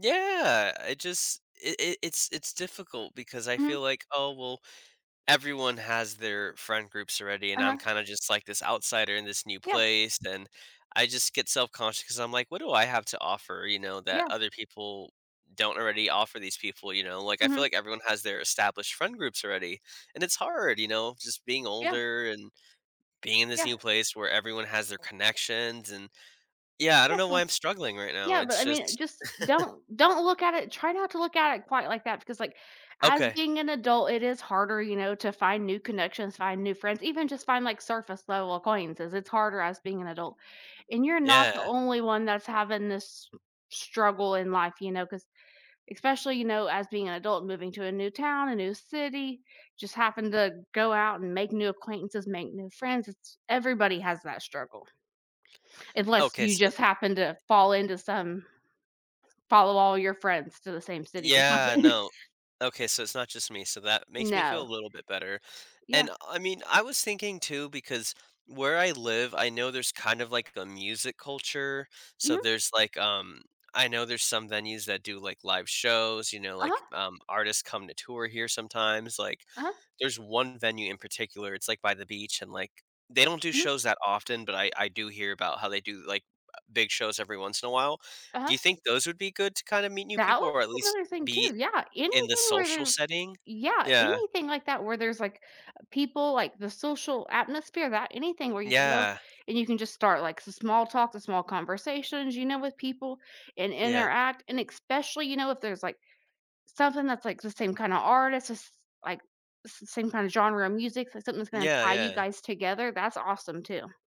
Yeah. I just it it it's it's difficult because I feel Mhm. like, "Oh, well, everyone has their friend groups already, and I'm Uh-huh. kinda just like this outsider in this new Yeah. place." Then I just get self-conscious 'cause I'm like, "What do I have to offer, you know, that Yeah. other people don't already offer these people," you know? Like, I feel Mhm. like everyone has their established friend groups already, and it's hard, you know, just being Yeah. older and being in this Yeah. new place where everyone has their connections, and, yeah, I don't know why Definitely. I'm struggling right now. Yeah, but It's I mean, just just don't don't look at it try not to look at it quite like that because, like, as Okay. being an adult, it is harder, you know, to find new connections, find new friends, even just find, like, surface-level acquaintances, it's harder as being an adult, and you're not the Yeah. only one that's having this struggle in life, you know, 'cause especially, you know, as being an adult, moving to a new town, a new city, just happen to go out and make new acquaintances, make new friends, it's everybody has that struggle, unless Okay. you So just happen to fall into some follow all your friends to the same city or Yeah. something. No. Okay. So it's not just me. So that makes me feel a No. little bit better. Yeah. And, uh I mean, I was thinking too because where I live, I know there's kind of, like, a music culture. So Mhm. there's, like, um, I know there's some venues that do, like, live shows, you know? Uh-huh. Like, um, artists come to tour here sometimes. Like, Uh-huh. there's one venue in particular, it's, like, by the beach, and, like, they don't do Mhm. shows that often, but I I do hear about how they do, like, uh big shows every once in a while. Do Uh-huh. you think those would be good to kinda meet new That people would or be at least another thing too, be yeah, in the anything where social there's setting? yeah, Yeah. anything like that where there's like, u people like the social atmosphere that anything where you can go Yeah. and you can just start like some small talk, small conversations, you know, with people and Yeah. interact, and especially, you know, if there's like something that's, like, the same kind of artist, s s like, s same kinda genre of music, something that's gonna Yeah, tie you yeah. guys together, that's awesome too.